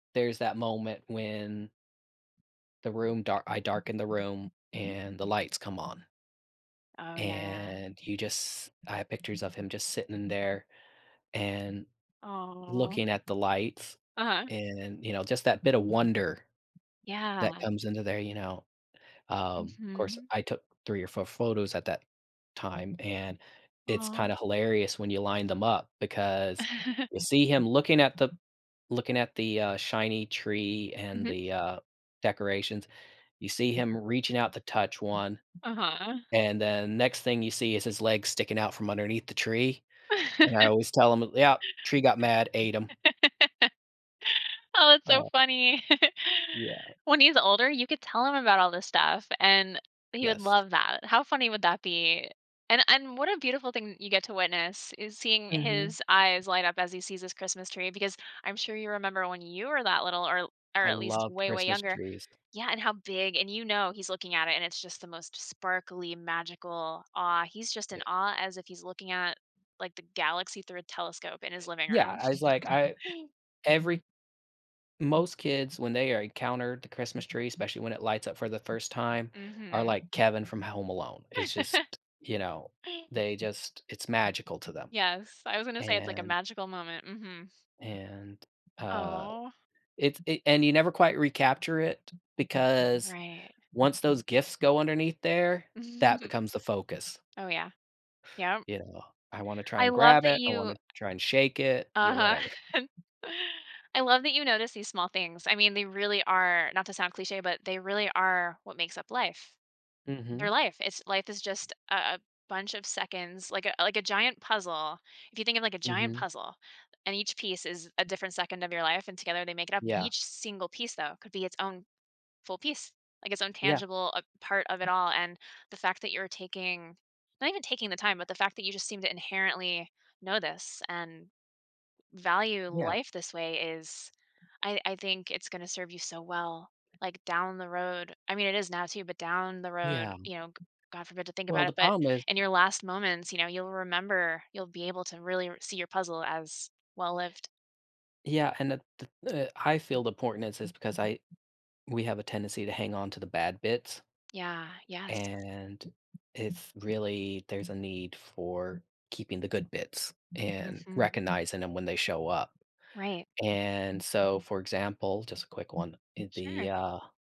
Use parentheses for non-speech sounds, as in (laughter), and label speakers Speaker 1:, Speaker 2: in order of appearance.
Speaker 1: There's that moment when the room dark I darken the room
Speaker 2: Mhm.
Speaker 1: and the lights come on.
Speaker 2: Oh, yeah.
Speaker 1: And you just I have pictures of him just sitting in there, and
Speaker 2: Aw.
Speaker 1: looking at the lights
Speaker 2: Uh-huh.
Speaker 1: and, you know, just that bit of wonder that
Speaker 2: Yeah.
Speaker 1: comes into there, you know, um 'course,
Speaker 2: Mhm.
Speaker 1: I took 3 or 4 photos at that time, and it's
Speaker 2: Aw.
Speaker 1: kinda hilarious when you line them up because
Speaker 2: (chuckles)
Speaker 1: you see him looking at the looking at the, uh, shiny tree and
Speaker 2: Mhm.
Speaker 1: the, uh, decorations; you see him reaching out to touch 1,
Speaker 2: Uh-huh.
Speaker 1: and then next thing you see is his legs sticking out from underneath the tree, and I
Speaker 2: (laughs)
Speaker 1: always tell him, "Yup, tree got mad, ate 'em"
Speaker 2: (laughs) (laughs) Oh, it's so
Speaker 1: Oh.
Speaker 2: funny. (laughs)
Speaker 1: Yeah.
Speaker 2: When he's older, you could tell him about all this stuff, and he would
Speaker 1: Yes.
Speaker 2: love that; how funny would that be, and and what a beautiful thing you get to witness is seeing
Speaker 1: Mhm.
Speaker 2: his eyes light up as he sees his Christmas tree, because I'm sure you remember when you were that little or l or
Speaker 1: I
Speaker 2: at least
Speaker 1: love
Speaker 2: way, way
Speaker 1: Christmas
Speaker 2: younger
Speaker 1: trees.
Speaker 2: Yeah, and how big and you know he's looking at it and it's just the most sparkly, magical awe, he's just in
Speaker 1: Yeah.
Speaker 2: awe as if he's looking at, like, the galaxy through a telescope in his living
Speaker 1: Yeah
Speaker 2: room.
Speaker 1: as, like,
Speaker 2: (chuckles)
Speaker 1: I every most kids, when they encounter the Christmas tree, especially when it lights up for the 1st time, are
Speaker 2: Mhm.
Speaker 1: like Kevin from Home Alone, it's just
Speaker 2: (laughs)
Speaker 1: you know, they just it's magical to them,
Speaker 2: Yes, I was gonna say it's like a
Speaker 1: and
Speaker 2: magical moment, mhm.
Speaker 1: and, uh
Speaker 2: Aw.
Speaker 1: it's it and you never quite recapture it because
Speaker 2: Right.
Speaker 1: once those gifts go underneath there, that
Speaker 2: (chuckles)
Speaker 1: becomes the focus.
Speaker 2: Oh, yeah. Yep.
Speaker 1: You know? I wanna try
Speaker 2: I
Speaker 1: and
Speaker 2: love
Speaker 1: grab
Speaker 2: that
Speaker 1: it, I
Speaker 2: you
Speaker 1: wanna try and shake it yeah,
Speaker 2: Uh-huh.
Speaker 1: whatever.
Speaker 2: (chuckles) I love that you notice these small things, I mean, they really are not to sound cliche, but they really are what makes up life. They're
Speaker 1: Mhm.
Speaker 2: life, it's life is just a a bunch of seconds like, a like, a giant puzzle. If you think of, like, a giant
Speaker 1: Mhm.
Speaker 2: puzzle and each piece is a different second of your life and together they make it up,
Speaker 1: Yeah.
Speaker 2: each single piece though could be its own full piece, like its own
Speaker 1: Yeah.
Speaker 2: tangible, uh, part of it all, and the fact that you're taking, not even taking the time, but the fact that you just seem to inherently know this and value
Speaker 1: Yeah.
Speaker 2: life this way is I I think it's gonna serve you so well, like, down the road, I mean it is now, too, but down the road,
Speaker 1: Yeah.
Speaker 2: you know, g god forbid to think
Speaker 1: Well,
Speaker 2: about it,
Speaker 1: the
Speaker 2: but
Speaker 1: problem is
Speaker 2: in your last moments, you know, you'll remember, you'll be able to really r see your puzzle as well-lived.
Speaker 1: Yeah, and the the, uh I feel the importance is is because I we have a tendency to hang on to the bad bits.
Speaker 2: Yeah, yes.
Speaker 1: And if really there's a need for keeping the good bits and
Speaker 2: Mhm.
Speaker 1: recognizing 'em when they show up.
Speaker 2: Right.
Speaker 1: And so for example- just a quick one- the,
Speaker 2: Sure.
Speaker 1: uh